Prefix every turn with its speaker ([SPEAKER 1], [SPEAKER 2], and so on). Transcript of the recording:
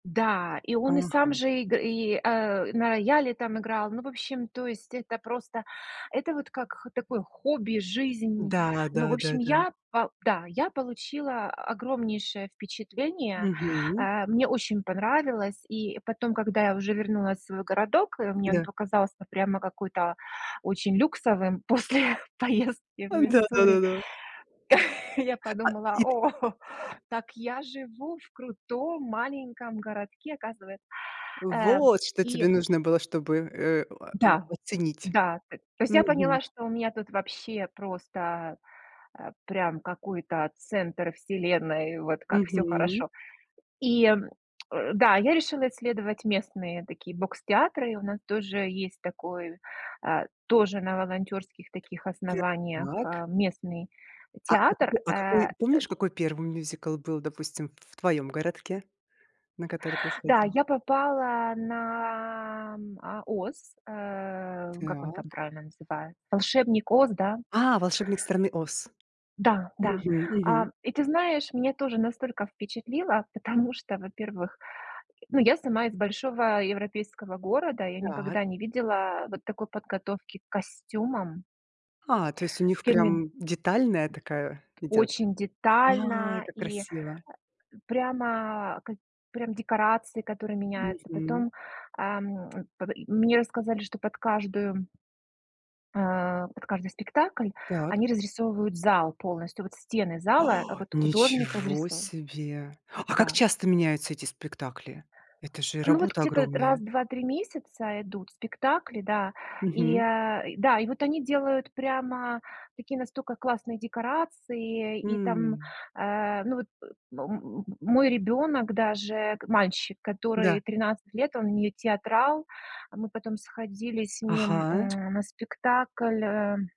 [SPEAKER 1] Да, и он и сам
[SPEAKER 2] Ага.
[SPEAKER 1] же иг и э, на рояле там играл. Ну, в общем, то есть, это просто это вот как х такое хобби, жизнь.
[SPEAKER 2] Да,
[SPEAKER 1] Ну, в общем,
[SPEAKER 2] да-да-да.
[SPEAKER 1] я, по да, я получила огромнейшее впечатление.
[SPEAKER 2] Мгм.
[SPEAKER 1] Э, мне очень понравилось. И потом, когда я уже вернулась в свой городок, а, мне он
[SPEAKER 2] Да.
[SPEAKER 1] показался прямо какой-то очень люксовым после поездки в
[SPEAKER 2] А,
[SPEAKER 1] Миссури.
[SPEAKER 2] да-да-да.
[SPEAKER 1] Я
[SPEAKER 2] А,
[SPEAKER 1] подумала,
[SPEAKER 2] и ты
[SPEAKER 1] "О, так я живу в крутом маленьком городке, оказывается". Э,
[SPEAKER 2] Вот что
[SPEAKER 1] и
[SPEAKER 2] тебе нужно было, чтобы, э, а, э,
[SPEAKER 1] Да,
[SPEAKER 2] оценить.
[SPEAKER 1] да, т то есть я
[SPEAKER 2] Мгм.
[SPEAKER 1] поняла, что у меня тут вообще просто, э, прям какой-то центр вселенной, вот как всё
[SPEAKER 2] Мгм.
[SPEAKER 1] хорошо. И, э, да, я решила исследовать местные такие бокстеатры, у нас тоже есть такой, а, тоже на волонтёрских таких основаниях,
[SPEAKER 2] Так.
[SPEAKER 1] а, местный
[SPEAKER 2] А, а
[SPEAKER 1] театр,
[SPEAKER 2] какой а
[SPEAKER 1] э,
[SPEAKER 2] какой
[SPEAKER 1] д
[SPEAKER 2] помнишь, какой 1 мюзикл был, допустим, в твоём городке, на который ты
[SPEAKER 1] Да,
[SPEAKER 2] сходила?
[SPEAKER 1] я попала на, а, "Оз", э, как он там
[SPEAKER 2] Так.
[SPEAKER 1] правильно называет, "Волшебник Оз", да?
[SPEAKER 2] А, "Вошебник страны Оз".
[SPEAKER 1] Да, да.
[SPEAKER 2] Мгм
[SPEAKER 1] А,
[SPEAKER 2] мгм.
[SPEAKER 1] и ты знаешь, мне тоже настолько впечатлило, потому что, во-первых, ну, я сама из большого европейского города, я
[SPEAKER 2] Так.
[SPEAKER 1] никогда не видела вот такой подготовки к костюмам.
[SPEAKER 2] А, то есть у них
[SPEAKER 1] Кевин.
[SPEAKER 2] прям детальная такая идёт.
[SPEAKER 1] Очень
[SPEAKER 2] Ай,
[SPEAKER 1] детально
[SPEAKER 2] как
[SPEAKER 1] и, э,
[SPEAKER 2] красиво.
[SPEAKER 1] прямо прям к прям декорации которые меняются,
[SPEAKER 2] Мгм.
[SPEAKER 1] потом, ам, м, и мне рассказали что под каждую э, под каждый спектакль
[SPEAKER 2] Так.
[SPEAKER 1] они разрисовывают зал полностью, вот стены зала вот художник
[SPEAKER 2] Ничего
[SPEAKER 1] разрисовыв
[SPEAKER 2] себе. А как
[SPEAKER 1] Да.
[SPEAKER 2] часто меняются эти спектакли? Это же
[SPEAKER 1] Ну, вот
[SPEAKER 2] работа
[SPEAKER 1] где-то раз
[SPEAKER 2] огромная.
[SPEAKER 1] в 2-3 месяца идут спектакли, да, и,
[SPEAKER 2] Мгм.
[SPEAKER 1] а, да, и вот они делают прямо такие настолько классные декорации и там,
[SPEAKER 2] М.
[SPEAKER 1] э, ну вот, м м мой ребёнок даже мальчик, который
[SPEAKER 2] Да.
[SPEAKER 1] 13 лет, он не театрал. Мы потом сходили с ним, м,
[SPEAKER 2] Ага.
[SPEAKER 1] на спектакль, эм